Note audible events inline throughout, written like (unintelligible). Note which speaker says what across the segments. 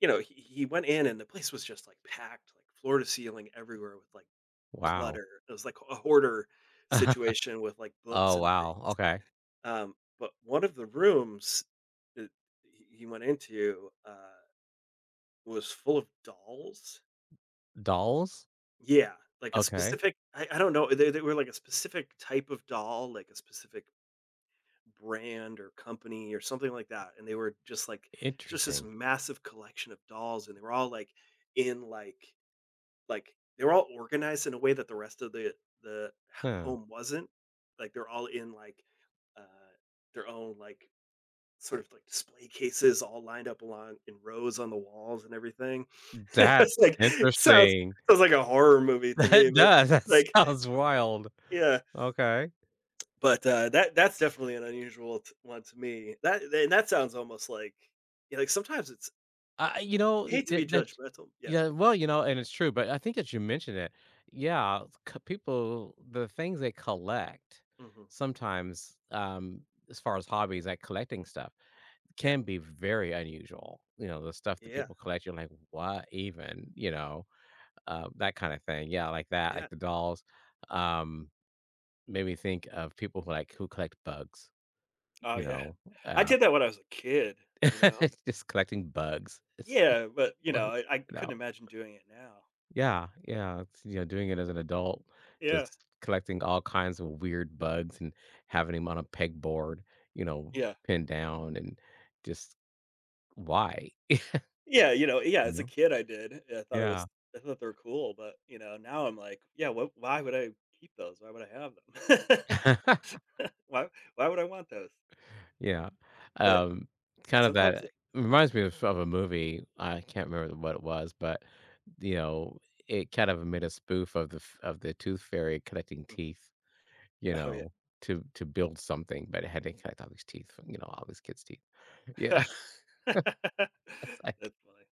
Speaker 1: You know, he he went in, and the place was just, like, packed, like, floor to ceiling everywhere with, like,
Speaker 2: Wow.
Speaker 1: clutter. It was, like, a hoarder
Speaker 2: (chuckles)
Speaker 1: situation with, like, books
Speaker 2: Oh,
Speaker 1: and things,
Speaker 2: wow. Okay.
Speaker 1: um, but one of the rooms that he he went into, uh, was full of dolls.
Speaker 2: Dolls?
Speaker 1: Yeah. Like, a
Speaker 2: Okay.
Speaker 1: specific I I don't know, uh, they they were, like, a specific type of doll, like, a specific brand or company or something like that, and they were just, like it's just this
Speaker 2: Interesting.
Speaker 1: massive collection of dolls, and they were all, like, in, like like they were all organized in a way that the rest of the the h
Speaker 2: Hmm.
Speaker 1: home wasn't, like, they're all in, like, uh, their own, like, sort of, like, display cases, all lined up along in rows on the walls and everything. It's
Speaker 2: That's
Speaker 1: like sounds
Speaker 2: interesting.
Speaker 1: sounds like a horror movie to me,
Speaker 2: That
Speaker 1: but,
Speaker 2: does. That
Speaker 1: like
Speaker 2: sounds wild.
Speaker 1: Yeah.
Speaker 2: Okay.
Speaker 1: But, uh, that that's definitely an unusual t one to me. That th and that sounds almost, like yeah, like, sometimes it's
Speaker 2: I I you know, i
Speaker 1: Hate to
Speaker 2: ye
Speaker 1: be
Speaker 2: that ch
Speaker 1: judgmental yeah.
Speaker 2: yeah, well, you know, and it's true, but I think that you mentioned it. Yeah, c people, the things they collect
Speaker 1: Mhm.
Speaker 2: sometimes, um, as far as hobbies, like, collecting stuff,
Speaker 1: Yeah.
Speaker 2: can be very unusual, you know, the stuff that
Speaker 1: Yeah.
Speaker 2: people collect, you're like, "What even?" you know, uh, that kinda thing. Yeah, like, that, like,
Speaker 1: Yeah.
Speaker 2: the dolls, um, made me think of people who like, who collect bugs,
Speaker 1: Oh,
Speaker 2: you
Speaker 1: yeah.
Speaker 2: know,
Speaker 1: I
Speaker 2: um
Speaker 1: did that when I was a kid, you know?
Speaker 2: (laughs) Just collecting bugs. It's you
Speaker 1: Yeah, but, you know,
Speaker 2: was
Speaker 1: I I
Speaker 2: (unintelligible) You know.
Speaker 1: couldn't imagine doing it now.
Speaker 2: Yeah. Yeah, it's you know, doing it as an adult,
Speaker 1: Yeah.
Speaker 2: just collecting all kinds of weird bugs and having 'em on a pegboard, you know,
Speaker 1: Yeah.
Speaker 2: pinned down and just, why?
Speaker 1: Yeah, you know,
Speaker 2: (chuckles)
Speaker 1: yeah,
Speaker 2: You
Speaker 1: as a
Speaker 2: know?
Speaker 1: kid, I did, and I thought it was
Speaker 2: Yeah.
Speaker 1: I thought they're cool, but, you know, now I'm like, yeah, what why would I keep those? Why would I have them?
Speaker 2: (laughs)
Speaker 1: (laughs) Why why would I want those?
Speaker 2: Yeah.
Speaker 1: But
Speaker 2: Um, kind of
Speaker 1: sometimes
Speaker 2: that,
Speaker 1: it yeah.
Speaker 2: reminds me of of a movie, I can't remember what it was, but, the o it kind of made a spoof of the f of the tooth fairy collecting
Speaker 1: Mhm.
Speaker 2: teeth, you
Speaker 1: Oh, yeah.
Speaker 2: know, to to build something, but it had to collect all these teeth from, you know, all these kids teeth. Yeah.
Speaker 1: (laughs) That's
Speaker 2: (laughs) That's like
Speaker 1: funny.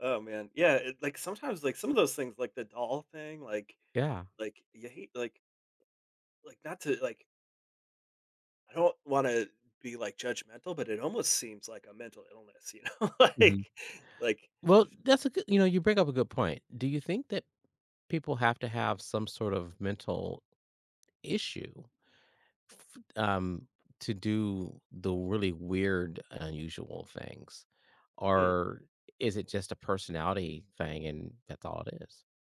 Speaker 1: Oh, man. Yeah, it like sometimes, like, some of those things, like, the doll thing, like
Speaker 2: Yeah.
Speaker 1: like, you hate like like, not to, like I don't wanna be, like, judgmental, but it almost seems like a mental illness, you know,
Speaker 2: Mhm.
Speaker 1: like like
Speaker 2: Well, that's a g you know, you bring up a good point. Do you think that people have to have some sort of mental issue, f um, to do the really weird, unusual things
Speaker 1: Hmm.
Speaker 2: or is it just a personality thing and that's all it is?